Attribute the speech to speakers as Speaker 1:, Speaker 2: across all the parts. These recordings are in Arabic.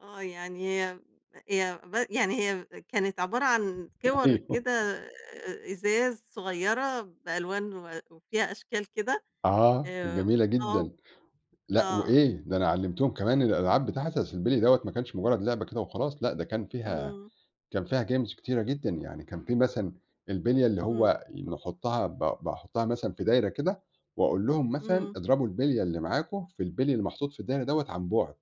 Speaker 1: آه يعني هي هي ب يعني هي كانت عبارة عن كوَر
Speaker 2: أيوه.
Speaker 1: كده آآ إزاز صغيرة، بألوان و وفيها أشكال كده؟
Speaker 2: آه، كانت
Speaker 1: آآ
Speaker 2: جميلة
Speaker 1: آه،
Speaker 2: جدًا، لأ
Speaker 1: آه.
Speaker 2: وإيه، ده أنا علّمتهم كمان الألعاب بتاعة أصل البِلْي دوّة ما كانش مجرد لعبة كده وخلاص، لأ ده كان فيها
Speaker 1: إمم.
Speaker 2: كان فيها Games كتيرة جدًا، يعني كان في مثلًا البِلية اللي
Speaker 1: إمم.
Speaker 2: هو نحطّها ب باحطّها مثلًا في دايرة كده، وأقول لهم مثلًا
Speaker 1: إمم.
Speaker 2: أضربوا البِلية اللي معاكم في البِلي اللي محطوط في الدايرة دوّة عن بُعد،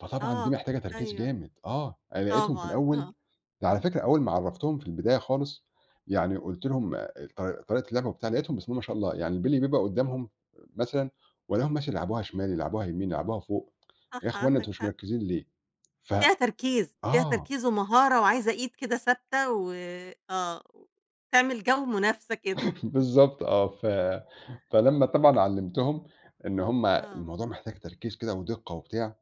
Speaker 2: فطبعًا دي
Speaker 1: آه،
Speaker 2: محتاجة تركيز
Speaker 1: أيوه،
Speaker 2: جامد آه، أنا لقيتهم في
Speaker 1: طبعًا،
Speaker 2: الأول
Speaker 1: آه.
Speaker 2: على فكرة أول ما عرّفتهم في البداية خالص، يعني قُلت لهم ط طريقة اللعبة وبتاع لقيتهم بسم الله ما شاء الله، يعني البِلي بيبقى قدّامهم مثلًا، والاقيهم مثلّا يلعبوها شمال يلعبوها يمين يلعبوها فوق، إيه يا
Speaker 1: صح
Speaker 2: أخواننا أنتم
Speaker 1: عندك
Speaker 2: مش
Speaker 1: حق.
Speaker 2: مركّزين ليه؟ ف
Speaker 1: فيها تركيز، فيها
Speaker 2: آه.
Speaker 1: تركيز ومهارة وعايزة إيد كده ثابتة، و آه، تعمل جو منافسة كده.
Speaker 2: بالضبط آه، ف فلمّا طبعًا علّمتهم، إن هُم
Speaker 1: آه.
Speaker 2: الموضوع محتاج تركيز كده ودِقّة وبتاع،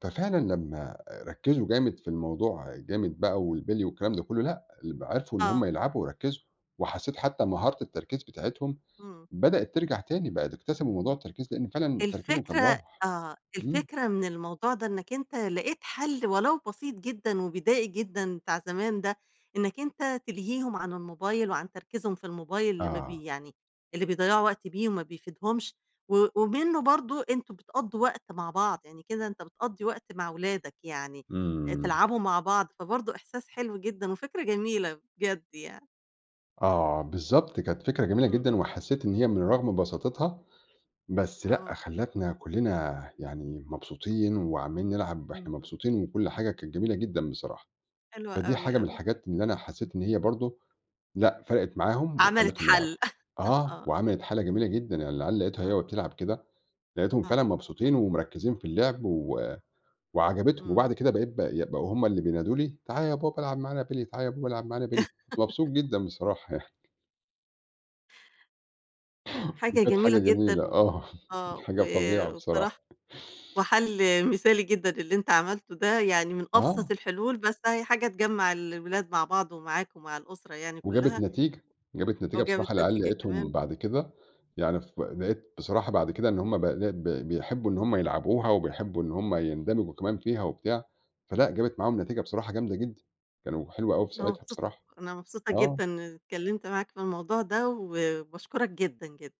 Speaker 2: ففعلًا لمّا ركّزوا جامد في الموضوع جامد بقى والبِلي والكلام ده كلّه، لأ ال ب عرفوا إن هُم
Speaker 1: آه.
Speaker 2: يلعبوا ويركّزوا، وحسّيت حتّى مهارة التركيز بتاعتهم
Speaker 1: إمم.
Speaker 2: بدأت ترجع تاني، بقى د اكتسبوا موضوع التركيز لإن فعلًا تركيزهم كان
Speaker 1: الفكرة
Speaker 2: راح،
Speaker 1: آه،
Speaker 2: إمم.
Speaker 1: الفكرة من الموضوع ده إنك أنت لقيت حل ولو بسيط جدًا وبدائي جدًا بتاع زمان ده، إنك أنت تلهيهم عن الموبايل، وعن تركيزهم في الموبايل اللي ما بي
Speaker 2: آه.
Speaker 1: يعني، اللي بيضيّعوا وقت بيه وما بيفيدهمش، و ومنه برضه أنتم بتقضّوا وقت مع بعض، يعني كده أنت بتقضّي وقت مع ولادك يعني،
Speaker 2: إمم.
Speaker 1: تلعبوا مع بعض فبرضه إحساس حلو جدًا وفكرة جميلة، بجد يعني.
Speaker 2: آه بالضبط كانت فكرة جميلة
Speaker 1: إمم.
Speaker 2: جدًا،
Speaker 1: إمم.
Speaker 2: وحسّيت إن هي من رغم بساطتها، بس لأ
Speaker 1: آه.
Speaker 2: خلّتنا كلّنا يعني مبسوطين، وعَمّالين نلعب
Speaker 1: إمم.
Speaker 2: وإحنا
Speaker 1: امم.
Speaker 2: مبسوطين وكلّ حاجة كانت جميلة جدًا بصراحة،
Speaker 1: حلو
Speaker 2: فدي
Speaker 1: أوي،
Speaker 2: حاجة من
Speaker 1: أوي.
Speaker 2: الحاجات اللي أنا حسّيت إن هي برضه، لأ فرقِت معاهم
Speaker 1: عملِت
Speaker 2: وخلّتهم
Speaker 1: حل
Speaker 2: يلعبوا، آه
Speaker 1: آه.
Speaker 2: وعملت حالة جميلة جدًا، يعني العيال لقيتها
Speaker 1: آه.
Speaker 2: هي وبتلعب كده، لقيتهم فعلًا
Speaker 1: آه.
Speaker 2: مبسوطين ومركّزين في اللعب و وعجبتهم، وبعد
Speaker 1: إمم
Speaker 2: كده بقيت ب ي بقوا هُم اللي بينادوا لي، تعالَ يا بابا العب معانا بِلي، تعال يا بابا العب معانا بِلي كنت مبسوط جدًا بصراحة يعني.
Speaker 1: حاجة
Speaker 2: وكانت
Speaker 1: جميلة
Speaker 2: حاجة جميلة
Speaker 1: جدًا و
Speaker 2: آه، كانت
Speaker 1: آه، و
Speaker 2: حاجة فظيعة بصراحة.
Speaker 1: وبصراحة، وحل مثالي جدًا اللي أنت عملته ده، يعني من أبسط
Speaker 2: آه.
Speaker 1: الحلول، بس أهي حاجة تجمّع الولاد مع بعض، ومعاك ومع الأسرة يعني
Speaker 2: وجابت
Speaker 1: كلّها.
Speaker 2: نتيجة، جابت نتيجة بصراحة
Speaker 1: وجابت
Speaker 2: العيال
Speaker 1: نتيجة
Speaker 2: لقيتهم
Speaker 1: كمان.
Speaker 2: بعد كده، يعني ف لقيت بصراحة بعد كده إن هُم ب ب بيحبوا إن هُم يلعبوها، وبيحبوا إن هُم يندمجوا كمان فيها وبتاع، فلأ جابت معاهم نتيجة بصراحة جامدة جدًا، كانوا حلوة أوي في
Speaker 1: أنا
Speaker 2: ساعتها
Speaker 1: مبسوط
Speaker 2: بصراحة،
Speaker 1: أنا مبسوطة
Speaker 2: آه.
Speaker 1: جدًا إن اتكلمّت معاك في الموضوع ده، وباشكرك جدًا، جدًا.